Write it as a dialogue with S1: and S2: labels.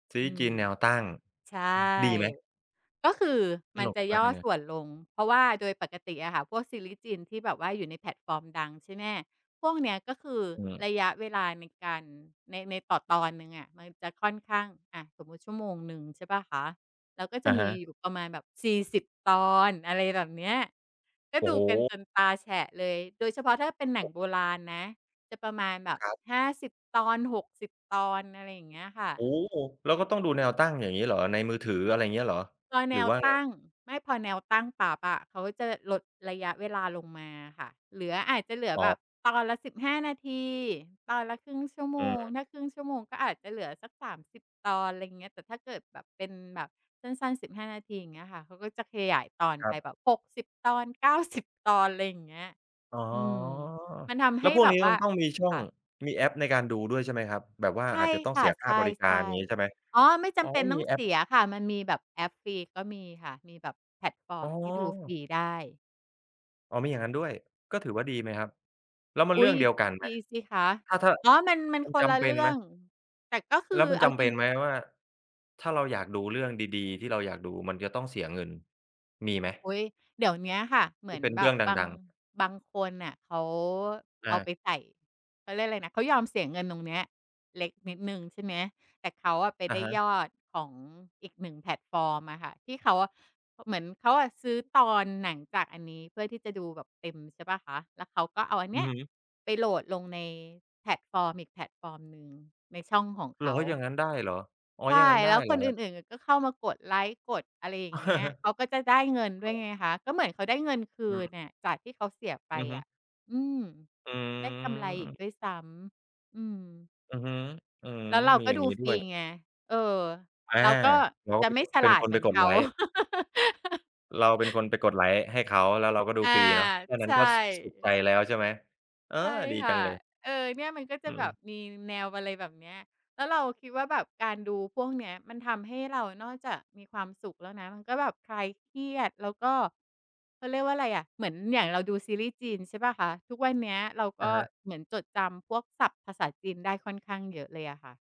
S1: ซี
S2: อ
S1: ร
S2: ื
S1: ี
S2: อ
S1: ส์แนวตั้ง
S2: ใช่
S1: ดีไหม?
S2: ก็คือ
S1: ส
S2: มั
S1: น
S2: น
S1: ุก
S2: จะ
S1: มา
S2: ย
S1: ก
S2: ่อ
S1: อันเนี้
S2: ส
S1: ย
S2: ่วนลง เพราะว่าโดยปกติอะค่ะ พวกซีรีสจินที่แบบว่าอยู่ในแพลตฟอร์มดัง ใช่ไหม? พวกเนี้ยก็คือ
S1: อืม
S2: ระยะเวลาในการ ใน ในต่อตอนหนึ่งอะ มันจะค่อนข้าง อะ สมมุติชั่วโมงหนึ่ง ใช่เปล่าคะ แล้วก็จ
S1: อ
S2: ะ
S1: ะ
S2: ม
S1: ฮ
S2: ี
S1: ะ
S2: อยู่ประมาณแบบ 40 ตอน อะไรแบบเนี้ย ก็
S1: โอ
S2: ด
S1: ้
S2: ู
S1: โ
S2: กัน
S1: ฮ
S2: จนตาแฉะเลย โดยเฉพาะถ้าเป็นหนังโบราณนะ จะประมาณแบบ
S1: ครับ
S2: 50 ตอน 60 ตอน อะไรอย่างเงี้ยค่
S1: โอ้
S2: ะ
S1: แล้วก็ต้องดูแนวตั้งอย่างงี้เหรอ? ในมือถือ อะไรเงี้ยเหรอ?
S2: พอแ
S1: ห
S2: น
S1: รือ
S2: ว
S1: ว่า
S2: ต
S1: ไง?
S2: ั้ง ไม่ พอแนวตั้งปุ๊บอะ เขาก็จะลดระยะเวลาลงมาค่ะ เหลือ อาจจะเหลือ
S1: อ
S2: แบ
S1: ๋อ
S2: บตอนละ 15 นาที ตอนละ 0.5 ชั่วโม
S1: อือ
S2: ง
S1: ฮึ
S2: ถ้า 0.5 ชั่วโมง ก็อาจจะเหลือสัก 30 ตอน ไรเงี้ย แต่ถ้าเกิดแบบเป็นแบบสั้น ๆ 15 นาที อย่างเงี้ยค่ะ เขาก็จะขยายตอน
S1: ค
S2: ไ
S1: รั
S2: ป
S1: บ
S2: แบบ 60 ตอน 90 ตอน ไรอย่างเงี้ย
S1: อ๋อ
S2: อืม มันทำ
S1: แ
S2: ใ
S1: ล
S2: ห
S1: ้ว
S2: ้
S1: พวก
S2: แบ
S1: นี้
S2: บว่
S1: มั
S2: า
S1: นต้องมีช่อ
S2: ค
S1: ง
S2: ่ะ
S1: มีแอปในการดูด้วยใช่ไหมครับ? แบบว่า
S2: ใช
S1: อ
S2: ่
S1: าจจะต้อ
S2: ค
S1: ง
S2: ่
S1: เส
S2: ะ
S1: ียค
S2: ใ
S1: ่าบริกา
S2: ช
S1: ร
S2: ่
S1: งี้ ใช่ไหม?
S2: ๆ อ๋อ ไม่จ
S1: อ๋อ
S2: ำเป็นต้
S1: มี
S2: อง
S1: แอ
S2: เส
S1: ป
S2: ียค่ะ มันมีแบบแอปฟรีก็มีค่ะ มีแบบแพลตฟอร
S1: อ
S2: ์
S1: ๋
S2: มที่ดูฟร
S1: อ
S2: ีได้
S1: อ๋อ มีอย่างงั้นด้วย ก็ถือว่าดีไหมครับ? แล้วมั
S2: อ
S1: นเ
S2: ุ๊
S1: รื่อ
S2: ย
S1: งเดียวกันไห
S2: ด
S1: ม?
S2: ีสิคะ
S1: ถ้า ถ้า
S2: อ๋อ มัน มัน
S1: มัน
S2: ค
S1: จ
S2: นละ
S1: ำเป
S2: เร
S1: ็
S2: ื
S1: น
S2: ่
S1: ไ
S2: อ
S1: หม?
S2: ง แต่ก็คือ
S1: แล้วมัน
S2: เอ
S1: จ
S2: า
S1: ำเ
S2: จ
S1: ป
S2: ริ
S1: ็
S2: ง
S1: นไหมว่า ถ้าเราอยากดูเรื่องดี ๆ ที่เราอยากดู มันจะต้องเสียเงินมีไหม?
S2: อุ๊ย เดี๋ยวเนี้ยค่ะ เหมื
S1: ที
S2: อ
S1: ่
S2: น
S1: เป็น
S2: แบ
S1: เรื่
S2: บ
S1: องด
S2: บาง
S1: ัง ๆ
S2: บางคนน่ะเขาเ
S1: อ
S2: อาไ
S1: า
S2: ปใส่ เขาเรียกอะไรนะ เขายอมเสียเงินตรงเนี้ยเล็กนิดหนึ่ง ใช่ไหม แต่เขาอะไป
S1: อ
S2: ไ
S1: ะ
S2: ด้
S1: ฮะ
S2: ยอดของอีกหนึ่งแพลตฟอร์มอะค่ะ ที่เขาอะ อ เหมือนเขาอะซื้อตอนหนังจากอันนี้เพื่อที่จะดูแบบเต็ม ใช่เปล่าคะ แล้วเขาก็เอาอันเ
S1: อ
S2: น
S1: ื
S2: ี้
S1: อ
S2: ย
S1: ฮึ
S2: ไปโหลดลงในแพลตฟอร์มอีกแพลตฟอร์มหนึ่งในช่องของ
S1: เ
S2: เ
S1: ห
S2: ข
S1: รอ
S2: า
S1: อย่างงั้นได้เหรอ? อ๋อ
S2: ใช่
S1: อย่างงั้นได
S2: แ
S1: ้
S2: ล้ว
S1: เห
S2: ค
S1: รอ
S2: น
S1: ค
S2: อ
S1: รับ?
S2: ื่น ๆ อะ ก็เข้ามากดไลก์ กดอะไรอย่างเงี้ย เขาก็จะได้เงินด้วยไงคะ ก็เหมือนเขาได้เงินคื
S1: อือ
S2: นอะ จากที่เขาเสียไป
S1: อือฮ
S2: อ
S1: ึ
S2: ะ อืม
S1: อื
S2: ได้กำไรอีก
S1: ม
S2: ด้วยซ้ำ อืม
S1: อือฮึ อืม
S2: แล้วเรา
S1: มี
S2: ก็
S1: อย่า
S2: ด
S1: ง
S2: ู
S1: งี้ด
S2: ฟ
S1: ้
S2: ร
S1: ว
S2: ี
S1: ย
S2: ไง เออ
S1: อา
S2: เราก็
S1: เราก
S2: จ
S1: ็
S2: ะ
S1: ไป
S2: ไม่
S1: กด
S2: ฉ
S1: เป็
S2: ล
S1: น
S2: าด
S1: ค
S2: เ
S1: น
S2: หม
S1: ไ
S2: ื
S1: ป
S2: อน
S1: ก
S2: เ
S1: ด
S2: ข
S1: ไ
S2: า
S1: ลก์ เราเป็นคนไปกดไลก์ให้เขา แล้วเราก็ดู
S2: อา
S1: ฟรีเนาะ แค่
S2: ใ
S1: นั้
S2: ช
S1: น
S2: ่
S1: ก็ ส สุขใจแล้วใช่ไหม? เออ
S2: ใช่
S1: ดี
S2: ค
S1: จ
S2: ่
S1: ั
S2: ะ
S1: งเลย
S2: เออ เนี่ย มันก็จ
S1: อ
S2: ะ
S1: ื
S2: แบ
S1: ม
S2: บมีแนว อะไรแบบเนี้ย แล้วเราคิดว่าแบบการดูพวกเนี้ย มันทำให้เรานอกจากมีความสุขแล้วนะ มันก็แบบคลายเครียด แล้วก็ เขาเรียกว่าอะไรอะ เหมือนอย่างเราดูซีรีส์จีน ใช่เปล่าคะ ทุกวันเนี้ยเราก
S1: อะ
S2: ็
S1: ฮะ
S2: เหมือนจดจำพวกศัพท์ภาษาจีนได้ค่อนข้างเยอะเลยอะค่ะ